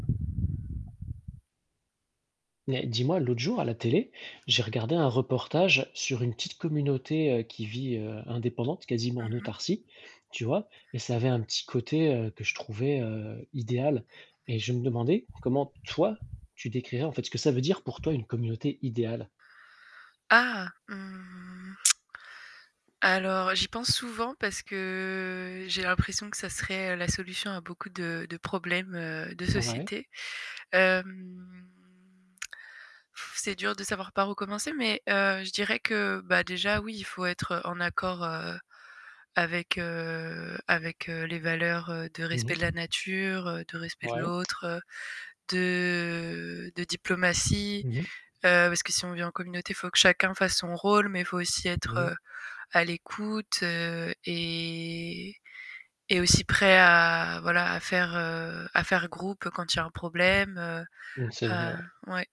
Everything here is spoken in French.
Mais, dis-moi, l'autre jour à la télé, j'ai regardé un reportage sur une petite communauté qui vit indépendante, quasiment Mmh en mh. autarcie, tu vois, et ça avait un petit côté que je trouvais idéal. Et je me demandais comment toi, tu décrirais en fait ce que ça veut dire pour toi une communauté idéale? Ah, mmh. Alors j'y pense souvent parce que j'ai l'impression que ça serait la solution à beaucoup de de problèmes, heu, de Ouais. société. Hem, pff c'est dur de savoir par où commencer, mais, heu, je dirais que, bah, déjà oui, il faut être en accord, heu, avec, heu, avec, heu, les valeurs, heu, de Mmh respect de mh. la nature, de respect de Ouais. l'autre, de de diplomatie, Mmh mh. heu, parce que si on vit en communauté, il faut que chacun fasse son rôle, mais il faut aussi Mmh mh. être à l'écoute et et aussi prêt à, voilà, à faire, heu, à faire groupe quand il y a un problème, heu Mmh, c'est vrai, heu, ouais. ouais.